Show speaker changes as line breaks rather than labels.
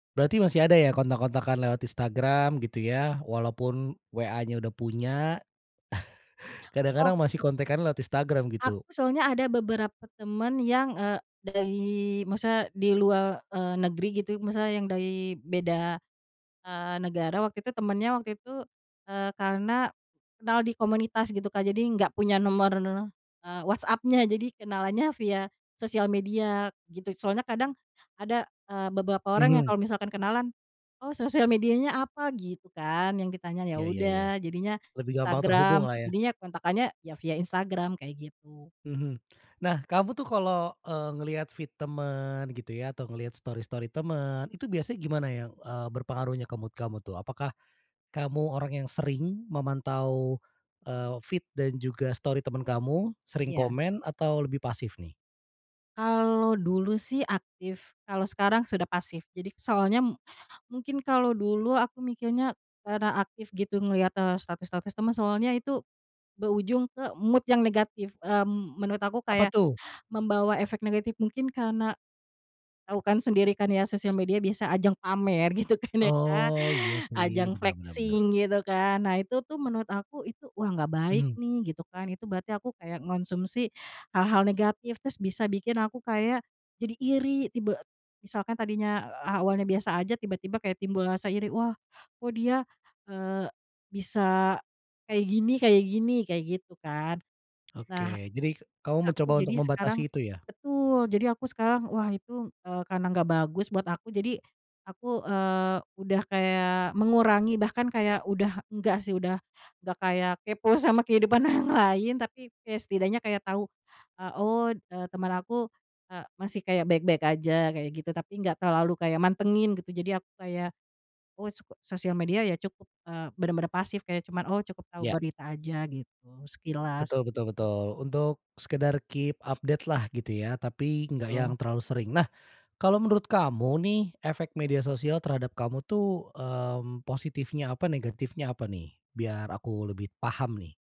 Berarti masih ada ya kontak-kontakan lewat Instagram gitu ya. Walaupun WA-nya udah punya.
Oh.
Kadang-kadang masih kontekan lewat Instagram
Aku
gitu?
soalnya ada beberapa teman yang, eee, dari maksudnya di luar, eee, negeri gitu maksudnya yang dari beda, eee, negara waktu itu temennya waktu itu, eee, karena kenal di komunitas gitu, Kak. Jadi enggak punya nomor, eee, WhatsApp-nya, jadi kenalannya via sosial media gitu. Soalnya kadang ada, eee, beberapa orang yang
Mhm.
kalau misalkan kenalan, "Oh sosial medianya apa?" Gitu kan yang ditanya, ya
Iya iya iya.
udah jadinya
Lebih gampang
Instagram,
terhubunglah
terus
ya.
jadinya kontaknya ya via Instagram kayak gitu.
Mhm. Nah, kamu tuh kalau, eee, ngelihat feed teman gitu ya, atau ngelihat story-story teman, itu biasanya gimana ya? Eee, berpengaruhnya ke mood kamu tuh? Apakah kamu orang yang sering memantau, eee, feed dan juga story teman kamu? Sering
Iya.
komen atau lebih pasif nih?
Kalau dulu sih aktif, kalau sekarang sudah pasif. Jadi soalnya, mungkin kalau dulu aku mikirnya karena aktif gitu ngelihat, eee, status-status temen, soalnya itu berujung ke mood yang negatif, mmm, menurut aku
Apa
kayak,
tuh?
membawa efek negatif. Mungkin karena, tau kan sendiri kan ya sosial media biasa ajang pamer gitu kan ya, Kak?
Oh iya sih,
Ajang
benar benar benar.
flexing gitu kan, nah itu tuh menurut aku itu, 'Wah gak baik
Mmm.
nih," gitu kan, itu berarti aku kayak ngonsumsi hal-hal negatif, terus bisa bikin aku kayak jadi iri tiba misalkan tadinya awalnya biasa aja tiba-tiba kayak timbul rasa iri, "Wah kok dia, eee, bisa kayak gini kayak gini?" kayak gitu kan.
Oke,
Nah
jadi kamu
aku
mencoba
jadi
untuk
sekarang
membatasi itu ya?
betul, jadi aku sekarang wah itu, eee, karena gak bagus buat aku jadi aku, eee, udah kayak mengurangi bahkan kayak udah enggak sih, udah gak kayak kepo sama kehidupan orang lain, tapi ya setidaknya kayak tahu, eee, "Oh, eee, teman aku, eee, masih kayak baik-baik aja," kayak gitu. Tapi gak terlalu kayak mantengin gitu, jadi aku kayak, oh, soko sosial media ya cukup, eee, bener-bener pasif kayak cuma, "Oh," cukup tahu
Iya.
berita aja, gitu sekilas.
Betul betul betul. Untuk sekedar keep update-lah gitu ya, tapi gak yang
Betul.
terlalu sering. Nah kalau menurut kamu nih efek media sosial terhadap kamu tuh, mmm, positifnya apa, negatifnya apa nih? Biar aku lebih paham nih.